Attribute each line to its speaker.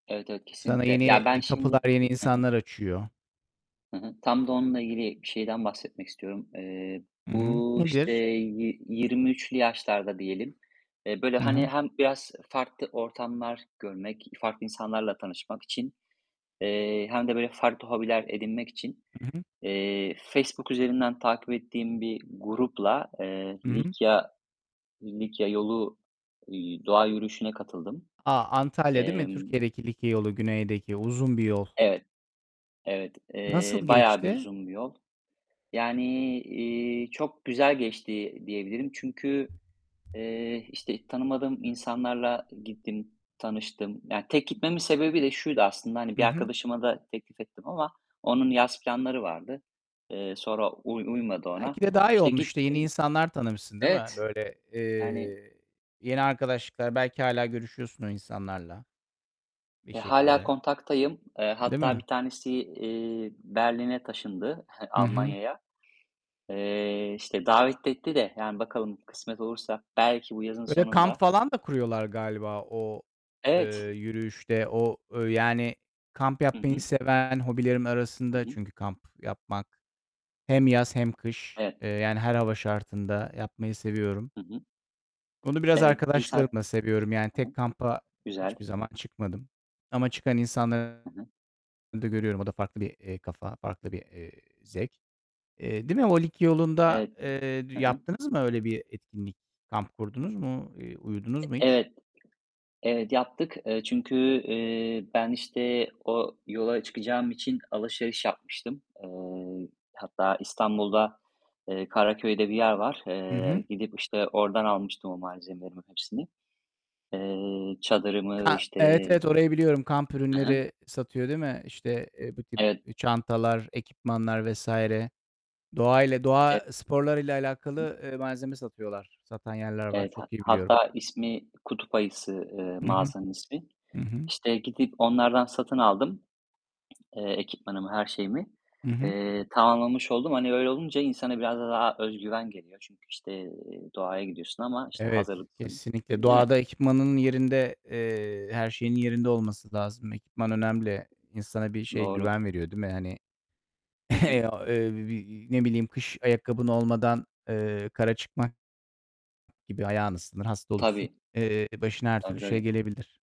Speaker 1: Evet, evet
Speaker 2: Sana
Speaker 1: kesinlikle.
Speaker 2: yeni,
Speaker 1: Ya, ben
Speaker 2: eee,
Speaker 1: şimdi
Speaker 2: kapılar yeni
Speaker 1: Hı hı.
Speaker 2: insanlar açıyor.
Speaker 1: Hı hı, tam da onunla ilgili bir şeyden bahsetmek istiyorum. Eee,
Speaker 2: Hı hı.
Speaker 1: bu işte
Speaker 2: Nedir?
Speaker 1: yi 23'lü yaşlarda diyelim, eee, böyle
Speaker 2: Hı
Speaker 1: hani
Speaker 2: hı.
Speaker 1: hem biraz farklı ortamlar görmek, farklı insanlarla tanışmak için, eee, hem de böyle farklı hobiler edinmek için,
Speaker 2: Hı hı.
Speaker 1: eee, Facebook üzerinden takip ettiğim bir grupla, eee,
Speaker 2: Hı hı.
Speaker 1: Likya Likya yolu, eee, doğa yürüyüşüne katıldım.
Speaker 2: A! Antalya değil mi?
Speaker 1: Emm
Speaker 2: Türkiye'deki Likya yolu, güneydeki uzun bir yol.
Speaker 1: Evet. Evet, eee,
Speaker 2: Nasıl
Speaker 1: bayağı bir
Speaker 2: geçti?
Speaker 1: uzun bir yol, yani, eee, çok güzel geçti diyebilirim. Çünkü, eee, işte tanımadığım insanlarla gittim, tanıştım, yani, tek gitmemin sebebi de şuydu aslında, hani
Speaker 2: Hı
Speaker 1: bir
Speaker 2: hı.
Speaker 1: arkadaşıma da teklif ettim ama onun yaz planları vardı. Eee, sonra uy uymadı
Speaker 2: Belki
Speaker 1: ona.
Speaker 2: de daha iyi
Speaker 1: İşte
Speaker 2: olmuştu. Yeni
Speaker 1: gittim.
Speaker 2: insanlar tanımışsın, değil mi?
Speaker 1: Evet.
Speaker 2: Böyle,
Speaker 1: Yani
Speaker 2: eee, yeni arkadaşlıklar belki hâlâ görüşüyorsun o insanlarla bir
Speaker 1: eee, hâlâ
Speaker 2: şekilde,
Speaker 1: kontaktayım. Eee,
Speaker 2: değil
Speaker 1: hatta
Speaker 2: mi?
Speaker 1: bir tanesi, eee, Berlin'e taşındı
Speaker 2: Hı hı.
Speaker 1: Almanya'ya. Eee, işte davet etti de yani bakalım kısmet olursa belki bu yazın
Speaker 2: Böyle kamp
Speaker 1: sonunda
Speaker 2: falan da kuruyorlar galiba o, eee,
Speaker 1: Evet.
Speaker 2: yürüyüşte o yani kamp
Speaker 1: Hı
Speaker 2: yapmayı
Speaker 1: hı.
Speaker 2: seven hobilerim
Speaker 1: Hı
Speaker 2: arasında
Speaker 1: hı.
Speaker 2: çünkü kamp yapmak, hem yaz hem kış.
Speaker 1: Evet.
Speaker 2: Eee, yani her hava şartında yapmayı seviyorum.
Speaker 1: Hı hı.
Speaker 2: Onu biraz
Speaker 1: Evet, bir saat
Speaker 2: arkadaşlarımla seviyorum. Yani
Speaker 1: Hı hı.
Speaker 2: tek kampa
Speaker 1: Güzel.
Speaker 2: hiçbir zaman çıkmadım ama çıkan
Speaker 1: Hı
Speaker 2: insanları
Speaker 1: hı.
Speaker 2: da görüyorum. O da farklı, eee, bir kafa, farklı bir, eee, zevk. Eee, değil mi? O Likya yolunda,
Speaker 1: Evet.
Speaker 2: eee, d
Speaker 1: Hı hı.
Speaker 2: yaptınız mı öyle bir etkinlik? Kamp kurdunuz mu? Eee uyudunuz
Speaker 1: E
Speaker 2: mu hiç?
Speaker 1: evet, evet, yaptık. Eee çünkü, eee, ben işte o yola çıkacağım için alışveriş yapmıştım. Eee, hatta İstanbul'da, eee, Karaköy'de bir yer var.
Speaker 2: Hı hı.
Speaker 1: Eee, gidip işte oradan almıştım o malzemelerimin hepsini. Eee, çadırımı,
Speaker 2: Ka Evet,
Speaker 1: işte
Speaker 2: evet orayı biliyorum. Kamp
Speaker 1: Hı hı.
Speaker 2: ürünleri satıyor değil mi? İşte, eee, bu tip,
Speaker 1: Evet.
Speaker 2: eee, çantalar, ekipmanlar vs. Doğa ile
Speaker 1: E
Speaker 2: doğa sporlarıyla
Speaker 1: Hı.
Speaker 2: alakalı, eee, malzeme satıyorlar. Satan yerler var.
Speaker 1: Evet. Hat
Speaker 2: Çok iyi biliyorum.
Speaker 1: hatta ismi "Kutup Ayısı," eee,
Speaker 2: Hı hı.
Speaker 1: mağazanın ismi.
Speaker 2: Hı hı.
Speaker 1: İşte gidip onlardan satın aldım, eee, ekipmanımı, her şeyimi,
Speaker 2: Hı hı.
Speaker 1: eee, tamamlamış oldum. Hani öyle olunca insana biraz da daha özgüven geliyor. Çünkü işte doğaya gidiyorsun ama işte
Speaker 2: Evet,
Speaker 1: hazırlıklısın
Speaker 2: kesinlikle.
Speaker 1: öyle, değil mi?
Speaker 2: Doğada ekipmanının yerinde, eee, her şeyin yerinde olması lazım. Ekipman önemli. İnsana bir şey,
Speaker 1: Doğru.
Speaker 2: güven veriyor değil mi, hani
Speaker 1: Hı hı.
Speaker 2: Eee, ne bileyim, kış ayakkabın olmadan, eee, kara çıkmak gibi ayağını ıslanır, hasta olursun.
Speaker 1: Tabii.
Speaker 2: Eee, başına her
Speaker 1: Tabii,
Speaker 2: türlü şey
Speaker 1: tabii.
Speaker 2: gelebilir.